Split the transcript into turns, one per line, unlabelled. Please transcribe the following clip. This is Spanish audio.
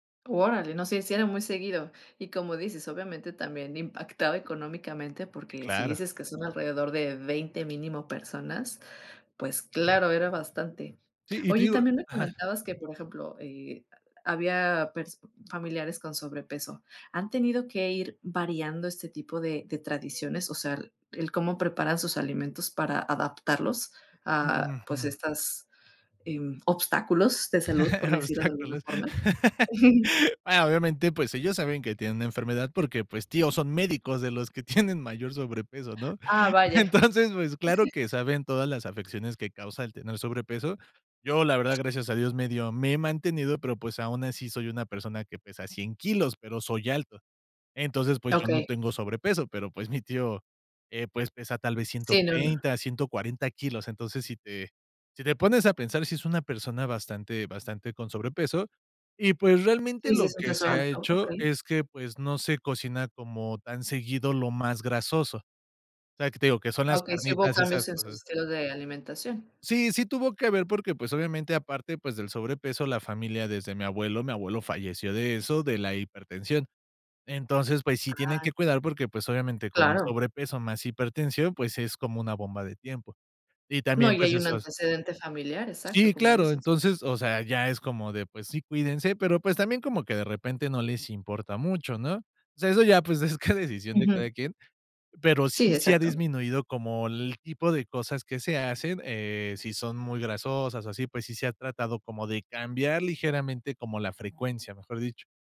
Órale, no, sí sí era muy seguido. Y como dices, obviamente, también impactaba económicamente,
Sí,
porque, si
claro.
dices que son alrededor de 20 mínimo, personas, pues claro, era bastante.
Sí, y te
Oye, y
digo
también me
Ajá.
comentabas que, por ejemplo, eh, ha había pers familiares con sobrepeso, ¿han tenido que ir variando este tipo de de tradiciones, o sea, el el cómo preparan sus alimentos para adaptarlos, ah,
Mm.
pues,
Ujú.
estas, em, obstáculos de salud, por decirlo de alguna
Obstáculos.
forma?
Ah, obviamente, pues, ellos saben que tienen una enfermedad porque, pues, tíos, son médicos de los que tienen mayor sobrepeso, ¿no?
Ah, vaya.
Entonces, pues, claro que saben todas las afecciones que causa el tener sobrepeso. Yo, la verdad, gracias a dios medio me he mantenido, pero, pues, aun así soy una persona, que pesa 100 kilos, pero soy alto. Entonces, pues, yo no
Okey.
tengo sobrepeso, pero, pues, mi tío, eh, pues pesa tal vez ciento
Sí, no, no.
treinta, ciento cuarenta kilos. Entonces, si te si te pones a pensar, sí es una persona bastante bastante con sobrepeso, y pues realmente
Sí, sí,
lo
eso
que
empezó
se ha
alto,
hecho
okey.
es que, pues, no se cocina como tan seguido lo más grasoso, o sea, que te digo, que son las
Okey, sí hubo
carnitas y esas
cambios, en su
cosas.
estilo de alimentación.
Sí, sí tuvo que ver porque, pues, obviamente aparte, pues del sobrepeso, la familia desde mi abuelo mi abuelo falleció de eso, de la hipertensión. Entonces, pues sí tienen que
Ay.
cuidar porque, pues, obviamente con y
Claro.
sobrepeso más hipertensión, pues, es como una bomba de tiempo, y
No,
también,
y
pues
hay un
eso hace
antecedente familiar,
Sí,
exacto, como
claro,
dices.
entonces O sea, ya es como de, pues sí, cuídense, pero pues, también como que de repente no les importa mucho, ¿no? O sea, eso ya, pues, es ca decisión de cada
Ujú.
quien, pero,
Sí,
sí sí ha
exacto.
disminuido como el tipo de cosas que se hacen, eh, si son muy grasosas o así, pues, sí se ha tratado como de cambiar ligeramente como la frecuencia, mejor dicho.